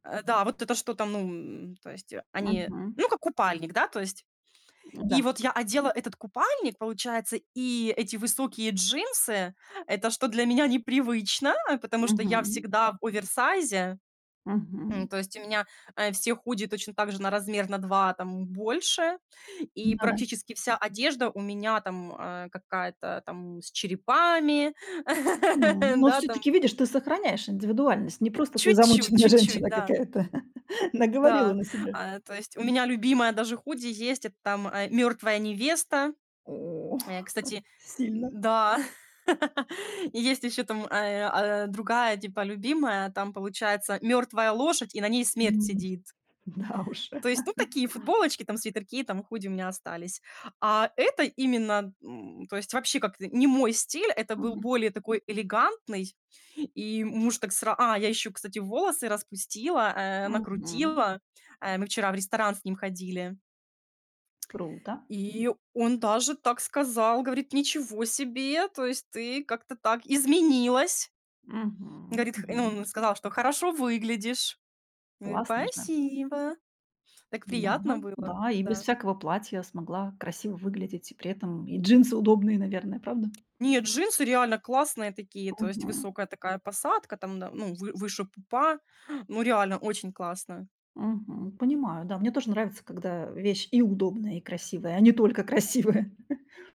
Э, да, вот это что-то, ну, м то есть, э, они Мгм. ну, как купальник, да, то есть. И Да. вот я одела этот купальник, получается, и эти высокие джинсы, это что для меня непривычно, а, потому что я Мгм. всегда в оверсайзе. Мгм. М, то есть у меня, э, всех худи точно так же на размер на 2 там больше и Да-да. практически вся одежда у меня там, э, какая-то там с черепами, М, ну, да, там всё-таки видишь, ты сохраняешь индивидуальность. Не просто ты Чуть-чуть замученная чуть-чуть, женщина да. какая-то. Наговорила Да, на себя. а, э, то есть у меня любимое даже худи есть, это там, э, мёртвая невеста. О. Э, кстати Д Сильно. да. И есть ещё, там, э, а, другая, типа любимая. Там, получается, мёртвая лошадь, и на ней смерть М. сидит. Да уж. То есть, ну, такие футболочки там, свитерки там, худи у меня остались. А, это именно, м, то есть вообще как-то не мой стиль, это был Мгм. более такой элегантный. И муж так сра А, я ещё, кстати, волосы распустила, э, Мгм. накрутила. Э, мы вчера в ресторан с ним ходили. Круто. И он даже так сказал, говорит: "Ничего себе, то есть ты как-то так изменилась". Мгм, Говорит х Ну, мгм. он сказал, что: "Хорошо выглядишь". Говорю: Классно же! "Спасибо". Так Да, приятно было. да. И без Да. всякого платья смогла красиво выглядеть, и при этом и джинсы удобные, наверное, правда? Нет, джинсы реально классные такие, то есть Мгм. высокая такая посадка там, да, ну, вы выше пупа. Ну, реально очень классно. Мгм. Понимаю, да. Мне тоже нравится, когда вещь и удобная, и красивая, а не только красивая.